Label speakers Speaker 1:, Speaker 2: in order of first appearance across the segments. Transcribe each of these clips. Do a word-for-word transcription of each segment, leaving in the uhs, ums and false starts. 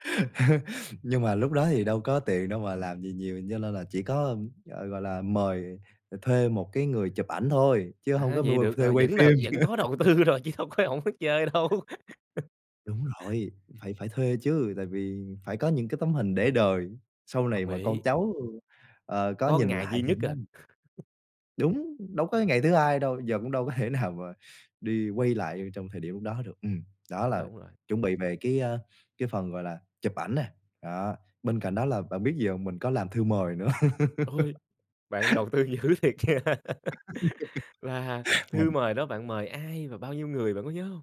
Speaker 1: Nhưng mà lúc đó thì đâu có tiền đâu mà làm gì nhiều. Nho nên là chỉ có, ờ, gọi là, mời thuê một cái người chụp ảnh thôi, chứ hông
Speaker 2: À,
Speaker 1: có
Speaker 2: vậy
Speaker 1: mua
Speaker 2: được
Speaker 1: thuê
Speaker 2: rồi.
Speaker 1: quay
Speaker 2: Vẫn là
Speaker 1: phim.
Speaker 2: vẫn có đầu tư rồi, chứ đâu có hổng biết chơi đâu.
Speaker 1: Đúng rồi, phải phải thuê chứ. Tại vì phải có những cái tấm hình để đời sau này
Speaker 2: Đồng
Speaker 1: mà con
Speaker 2: ý.
Speaker 1: cháu, ờ, có
Speaker 2: Có
Speaker 1: nhìn
Speaker 2: ngày
Speaker 1: lại
Speaker 2: duy
Speaker 1: thì
Speaker 2: nhất
Speaker 1: nó
Speaker 2: à.
Speaker 1: Đúng, đâu có ngày thứ hai đâu. Giờ cũng đâu có thể nào mà đi quay lại trong thời điểm lúc đó được. Ừm, đó là
Speaker 2: Đúng rồi.
Speaker 1: chuẩn bị về cái, a, cái phần, gọi là, chụp ảnh nè, đó. Bên cạnh đó là bạn biết gì hông? Mình có làm thư mời nữa.
Speaker 2: Ôi, bạn đầu tư dữ thiệt nha. Và thư
Speaker 1: Mình
Speaker 2: mời đó bạn mời ai và bao nhiêu người bạn có nhớ hông?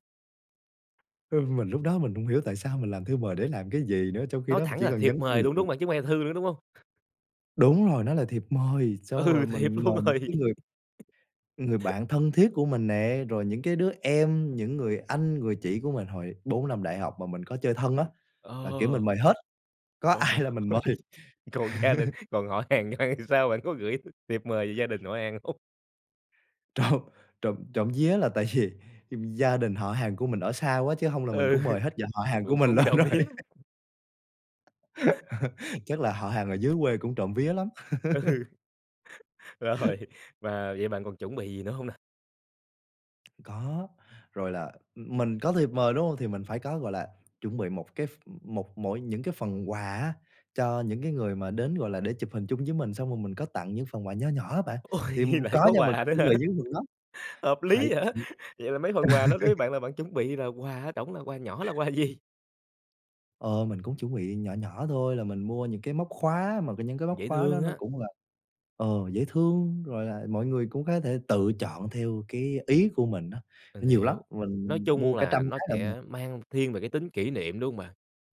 Speaker 1: Ờ, mình lúc đó mình hổng hiểu tại sao mình làm thư mời để làm cái gì nữa? Trong khi
Speaker 2: Nói
Speaker 1: đó mình
Speaker 2: thẳng
Speaker 1: chỉ
Speaker 2: là
Speaker 1: cần
Speaker 2: thiệp
Speaker 1: nhắn tin
Speaker 2: mời
Speaker 1: là
Speaker 2: luôn, đúng
Speaker 1: được.
Speaker 2: hông bạn? Chứ hông phải là thư nữa, đúng hông?
Speaker 1: Đúng rồi, nó là thiệp mời, xong rồi
Speaker 2: Ừ, thiệp
Speaker 1: mình
Speaker 2: luôn
Speaker 1: mời những
Speaker 2: rồi.
Speaker 1: cái người người bạn thân thiết của mình nè, rồi những cái đứa em, những người anh, người chị của mình hồi bốn năm đại học mà mình có chơi thân á, là, kiểu,
Speaker 2: Ờ.
Speaker 1: mình mời hết, có
Speaker 2: Trời
Speaker 1: ai là mình mời.
Speaker 2: ơi. Còn gia đình, còn họ hàng thì sao, bạn có gửi thiệp mời về gia đình họ hàng hông?
Speaker 1: Trộm trộm trộm vía là tại vì gia đình họ hàng của mình ở xa quá, chứ hông là mình
Speaker 2: Ừ,
Speaker 1: cũng
Speaker 2: cũng
Speaker 1: mời hết dòng họ hàng của
Speaker 2: cũng
Speaker 1: mình
Speaker 2: cũng
Speaker 1: lên
Speaker 2: trộm
Speaker 1: rồi.
Speaker 2: vía.
Speaker 1: Chắc là họ hàng ở dưới quê cũng trộm vía lắm.
Speaker 2: Ừ. Rồi, và vậy bạn còn chuẩn bị gì nữa hông nè?
Speaker 1: Có, rồi là mình có thiệp mời, đúng hông? Thì mình phải có, gọi là, chuẩn bị một cái ph một mỗi những cái phần quà á, cho những cái người mà đến, gọi là, để chụp hình chung với mình, xong rồi mình có tặng những phần quà nho nhỏ á bạn.
Speaker 2: Ôi,
Speaker 1: Thì, ừm, có
Speaker 2: lại có
Speaker 1: nha, mình
Speaker 2: quà
Speaker 1: có
Speaker 2: nữa
Speaker 1: chuẩn
Speaker 2: hả?
Speaker 1: bị những phần đó,
Speaker 2: Hợp
Speaker 1: phải
Speaker 2: lý vậy.
Speaker 1: phải
Speaker 2: Vậy là mấy phần quà nó đối với bạn là bạn chuẩn bị là quà ở trỏng là quà nhỏ là quà gì?
Speaker 1: Ờ, mình cũng chuẩn bị nhỏ nhỏ thôi. Là mình mua những cái móc khóa mà những cái móc
Speaker 2: Dễ
Speaker 1: khóa đó
Speaker 2: thương
Speaker 1: nó
Speaker 2: á.
Speaker 1: cũng là, ờ, dễ thương, rồi là mọi người cũng có thể tự chọn theo cái ý của mình á,
Speaker 2: Mình
Speaker 1: nhiều lắm.
Speaker 2: hiểu. Nói
Speaker 1: Mình
Speaker 2: chung
Speaker 1: mua cả trăm
Speaker 2: là nó
Speaker 1: cái lận mà.
Speaker 2: sẽ mang thiên về cái tính kỷ niệm, đúng hông bạn?